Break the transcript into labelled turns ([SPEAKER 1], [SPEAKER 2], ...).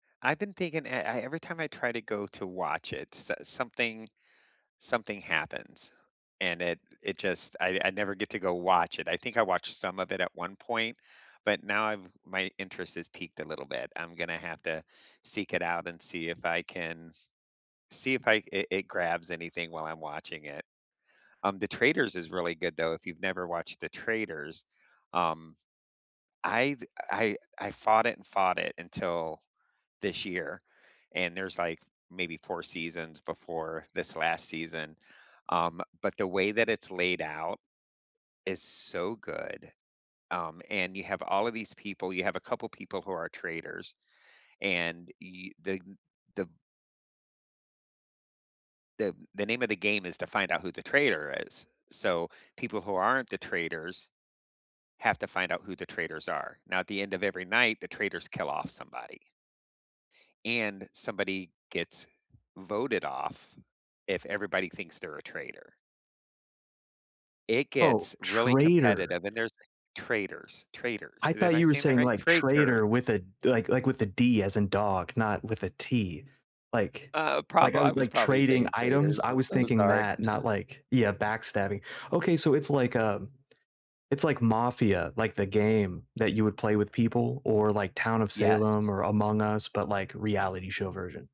[SPEAKER 1] I've been thinking e I every time I try to go to watch it, s something something happens, and it it just I I never get to go watch it, I think I watched some of it at one point, but now I've my interest has peaked a little bit, I'm gonna have to seek it out and see if I can see if I it it grabs anything while I'm watching it. Um, The Traitors is really good, though If you've never watched The Traitors, um, I've I I fought it and fought it until this year, and there's, like, maybe 4 seasons before this last season, um, but the way that it's laid out is so good, um, and you have all of these people, you have a couple people who are traitors, and y the the the the name of the game is to find out who the traitor is, so people who aren't the traitors have to find out who the traitors are, now at the end of every night the traitors kill off somebody and somebody gets voted off if everybody thinks they're a traitor. It
[SPEAKER 2] Oh,
[SPEAKER 1] gets really
[SPEAKER 2] traitor.
[SPEAKER 1] competitive, and there's Traitors, traitors.
[SPEAKER 2] I
[SPEAKER 1] Am
[SPEAKER 2] thought
[SPEAKER 1] I
[SPEAKER 2] you were
[SPEAKER 1] saying that
[SPEAKER 2] saying,
[SPEAKER 1] right?
[SPEAKER 2] like,
[SPEAKER 1] Traitors.
[SPEAKER 2] trader with a, like like, with a D as in dog, not with a T. Like
[SPEAKER 1] Uh,
[SPEAKER 2] like,
[SPEAKER 1] prob
[SPEAKER 2] I
[SPEAKER 1] I
[SPEAKER 2] was,
[SPEAKER 1] was
[SPEAKER 2] like,
[SPEAKER 1] probably
[SPEAKER 2] trading
[SPEAKER 1] saying
[SPEAKER 2] items
[SPEAKER 1] traders,
[SPEAKER 2] I
[SPEAKER 1] I'm
[SPEAKER 2] was
[SPEAKER 1] so
[SPEAKER 2] thinking
[SPEAKER 1] sorry.
[SPEAKER 2] that, not like yeah, backstabbing, okay so it's like a it's like mafia, like the game that you would play with people, or like Town of Salem,
[SPEAKER 1] Yes.
[SPEAKER 2] or Among Us, but like, reality show version.